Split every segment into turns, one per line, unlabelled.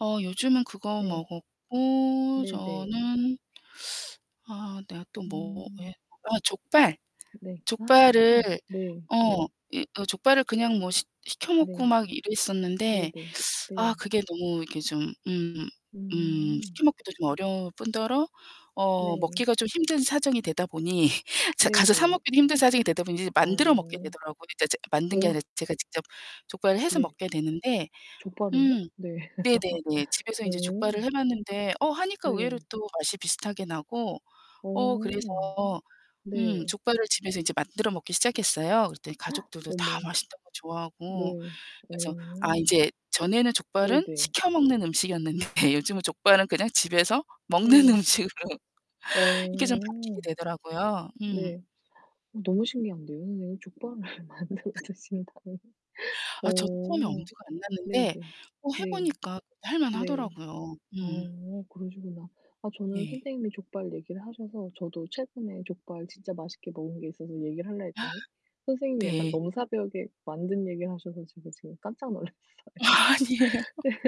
어 요즘은 그거
네.
먹었고,
네네.
저는 아 내가 또
음.
뭐에 아 족발.
네.
족발을
아 네. 네.
어 이 어 족발을 그냥 뭐 시 시켜 먹고
네.
막 이랬었는데
네네.
아
네.
그게 너무 이렇게 좀 음 음
음.
시켜 먹기도 좀 어려울 뿐더러 어
네.
먹기가 좀 힘든 사정이 되다 보니 제가 가서 사
네네.
먹기도 힘든 사정이 되다 보니 이제 만들어 먹게
어.
되더라고요. 이제 제가 만든 게
오.
아니라 제가 직접 족발을 해서
네.
먹게 되는데
족발을요?
음.
네.
네네네. 집에서
어.
이제 족발을 해 봤는데 어 하니까 의외로
네.
또 맛이 비슷하게 나고. 어 그래서
어.
음
네.
족발을 집에서 이제 만들어 먹기 시작했어요. 그랬더니 가족들도 다
어머.
맛있다고 좋아하고.
네.
그래서 아
어.
인제 전에는 족발은
네네.
시켜 먹는 음식이었는데 요즘은 족발은 그냥 집에서 먹는
네.
음식으로 이게 좀 바뀌게
어.
되더라고요. 음.
네. 어 너무 신기한데요, 선생님. 족발을 만들어 드신다니.
아 저도 처음에
어.
엄두가 안
네네.
났는데 어 해
네.
보니까
네.
할만하더라고요. 음.
어 그러시구나. 아 저는
네.
선생님이 족발 얘기를 하셔서 저도 최근에 족발 진짜 맛있게 먹은 게 있어서 얘기를 할라 했더니 선생님이 약간
네.
넘사벽에 만든 얘기를 하셔서 제가 지금 깜짝 놀랐어요.
아니에요.
그래서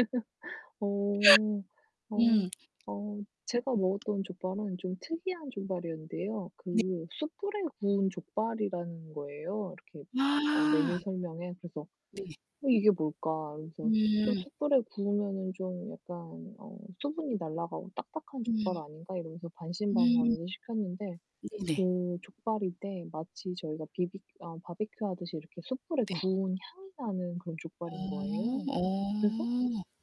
어. 어.
음.
어. 제가 먹었던 족발은 좀 특이한 족발이었는데요.
네.
그 숯불에 구운 족발이라는 거예요, 이렇게 어 메뉴
아.
설명엔. 그래서
네.
'어, 이게 뭘까?' 이러면서 좀
음.
'숯불에 구우면은 좀 약간 어 수분이 날라가고 딱딱한
음.
족발 아닌가?' 이러면서
음.
반신반의하면서 시켰는데
네네.
그 족발인데 마치 저희가 비비 아 바비큐 하듯이 이렇게 숯불에
네.
구운 향이 나는 그런 족발인
어
거예요.
어.
그래서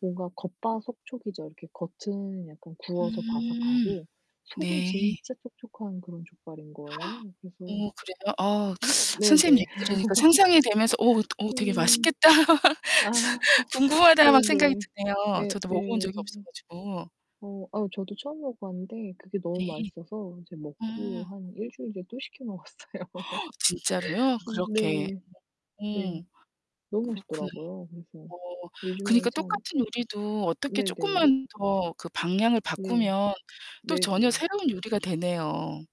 뭔가 겉바속촉이죠. 이렇게 겉은 약간 구워서
음.
바삭하고 속은
네.
진짜 촉촉한 그런 족발인 거예요. 그래서
오 그래요? 아 선생님
네네.
얘기 들으니까 상상이 되면서 '오, 오 되게
음.
맛있겠다,
아
궁금하다.' 막 생각이
네네.
드네요.
예
저도 먹어본 적이
예.
없어 가지고.
어. 아 저도 처음 먹어봤는데 그게 너무
네.
맛있어서 이제 먹고
아.
한 일주일 뒤에 또 시켜 먹었어요.
진짜로요? 그렇게.
네.
음.
네. 너무
그렇구나.
맛있더라고요. 그래서
어.
요즘에
그니까
참
똑같은 요리도 어떻게
네네.
쪼끔만 더 그 방향을
네.
바꾸면 또 전혀
네네.
새로운 요리가 되네요.